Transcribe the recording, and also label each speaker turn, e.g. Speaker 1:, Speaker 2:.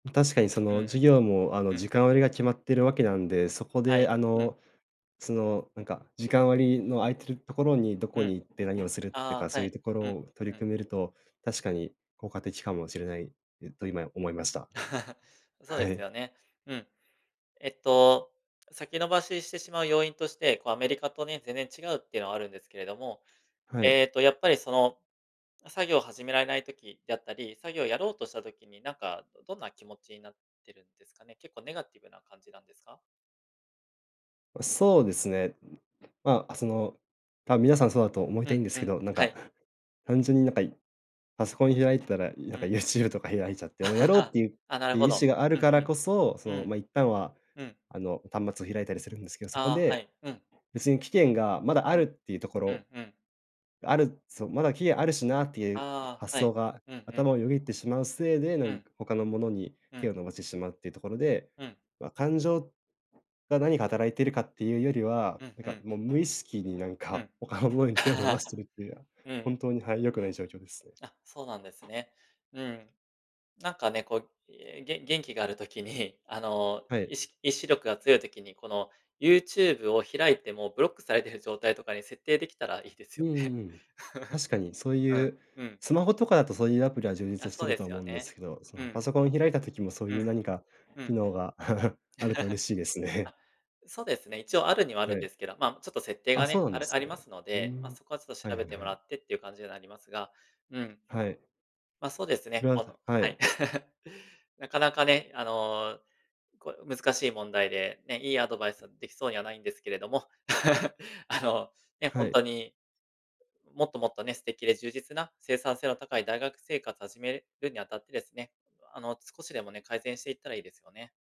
Speaker 1: ま、確かに、そ
Speaker 2: う
Speaker 1: の
Speaker 2: ん、
Speaker 1: 授業も、あの、
Speaker 2: うん。
Speaker 1: 時間割が決まってるわけなんで、そこ
Speaker 2: は
Speaker 1: で、
Speaker 2: い、
Speaker 1: あ
Speaker 2: うん。
Speaker 1: の、その、なんか、時間割の空いてるところに、どこ
Speaker 2: うん。
Speaker 1: に行って何をするって
Speaker 2: あ
Speaker 1: か、
Speaker 2: あ、
Speaker 1: そ
Speaker 2: は
Speaker 1: ういう
Speaker 2: い、
Speaker 1: ところ
Speaker 2: うん、
Speaker 1: を取り
Speaker 2: うん。
Speaker 1: 組めると、確かに効果的かもしれないと、今思いました。
Speaker 2: そうで
Speaker 1: は
Speaker 2: す
Speaker 1: い。
Speaker 2: よね、うん。えっと、先延ばししてしまう要因として、こう、アメリカとね、全然違うっていうのはあるんですけれども、
Speaker 1: はい。
Speaker 2: えっと、やっぱり、その、作業を始められない時だったり、作業をやろうとした時に、なんか、どどんな気持ちになってるんですかね、結構ネガティブな感じなんですか？
Speaker 1: そうですね。ま、あ、その、多分、皆さんそうだと思い
Speaker 2: う
Speaker 1: たい
Speaker 2: ん
Speaker 1: んです
Speaker 2: う
Speaker 1: け
Speaker 2: ん、
Speaker 1: ど、なん
Speaker 2: は
Speaker 1: か、
Speaker 2: い。
Speaker 1: 単純に、なんか、パソコン開いてたら、なん
Speaker 2: う
Speaker 1: か、
Speaker 2: ん。
Speaker 1: YouTube とか開いちゃって、あの、や ろうっ
Speaker 2: あ
Speaker 1: ていう
Speaker 2: あ、なる
Speaker 1: てい
Speaker 2: ほ
Speaker 1: う意
Speaker 2: ど。
Speaker 1: 思がある
Speaker 2: うん
Speaker 1: から
Speaker 2: うん。
Speaker 1: こそ、そ
Speaker 2: う
Speaker 1: の、
Speaker 2: ん。
Speaker 1: ま、一旦は、
Speaker 2: うん。
Speaker 1: あの、端末を開いたりするんですけど、そこ
Speaker 2: ああ、は
Speaker 1: で
Speaker 2: い、うん。
Speaker 1: 別に期限がまだあ
Speaker 2: う
Speaker 1: る
Speaker 2: ん。
Speaker 1: っていうとこ
Speaker 2: うん
Speaker 1: ろ、
Speaker 2: うん。
Speaker 1: あるそう、まだ期限あるしなっていう
Speaker 2: あ
Speaker 1: 発
Speaker 2: あ、は
Speaker 1: 想
Speaker 2: い。
Speaker 1: が
Speaker 2: うんうん。
Speaker 1: 頭をよぎってしまうせいで、
Speaker 2: う
Speaker 1: 何
Speaker 2: ん。
Speaker 1: か、他のものに
Speaker 2: うん。
Speaker 1: 手を伸ばしてしまうっていうところで、
Speaker 2: うん。
Speaker 1: ま、感情が何か働いてるかっていうよりは、
Speaker 2: うん
Speaker 1: なん
Speaker 2: う
Speaker 1: か、
Speaker 2: ん。
Speaker 1: もう無意識に、なん
Speaker 2: う
Speaker 1: か、
Speaker 2: ん。
Speaker 1: 他のものに手を伸ばしてい るっていうのは、
Speaker 2: うん。
Speaker 1: 本当に、はい、良くない状況です。
Speaker 2: あ、そうなんですね。うん。なんか、ね、こう、え、げ元気がある時に、あの、
Speaker 1: はい。
Speaker 2: いし意志力が強い時に、この、YouTube を開いてもブロックされてる状態とかに設定できたらいいです
Speaker 1: う
Speaker 2: よ
Speaker 1: んう
Speaker 2: ね。
Speaker 1: ん。確かに、そう
Speaker 2: う
Speaker 1: い
Speaker 2: ん
Speaker 1: う
Speaker 2: うん。
Speaker 1: スマホとかだと、そういうアプリは充
Speaker 2: あ、
Speaker 1: 実して
Speaker 2: そう
Speaker 1: る
Speaker 2: で
Speaker 1: と
Speaker 2: す
Speaker 1: 思
Speaker 2: よ
Speaker 1: うんです
Speaker 2: ね、
Speaker 1: けど、そ
Speaker 2: う
Speaker 1: の、
Speaker 2: ん。
Speaker 1: パソコンを開いた時も、そう
Speaker 2: う
Speaker 1: い
Speaker 2: ん。
Speaker 1: う何か、
Speaker 2: うん。
Speaker 1: 機能が あると嬉 しいですね。
Speaker 2: あ、そうですね、一応あるにはある
Speaker 1: は
Speaker 2: ん
Speaker 1: い。
Speaker 2: ですけど、ま、ちょっと設定
Speaker 1: あ、
Speaker 2: が
Speaker 1: そう
Speaker 2: ね、
Speaker 1: なん
Speaker 2: あ
Speaker 1: で
Speaker 2: るあ
Speaker 1: す
Speaker 2: りま
Speaker 1: ね。
Speaker 2: すの
Speaker 1: ふ
Speaker 2: で、
Speaker 1: ん。
Speaker 2: ま、そこはちょっと
Speaker 1: はい
Speaker 2: 調べ
Speaker 1: はい
Speaker 2: て
Speaker 1: は
Speaker 2: もら
Speaker 1: い。
Speaker 2: ってっていう感じにはなりますが、うん。
Speaker 1: はい。
Speaker 2: ま、そうですね、この
Speaker 1: [unintelligible] は
Speaker 2: はい。
Speaker 1: い。
Speaker 2: なかなかね、あの、こう難しい問題で、ね、いいアドバイスはできそうにはないんですけれども、あの、ね、ほ
Speaker 1: は
Speaker 2: んと
Speaker 1: い。
Speaker 2: に、もっともっとね、素敵で充実な生産性の高い大学生活を始めるにあたってですね、あの、少しでもね、改善していったらいいですよね。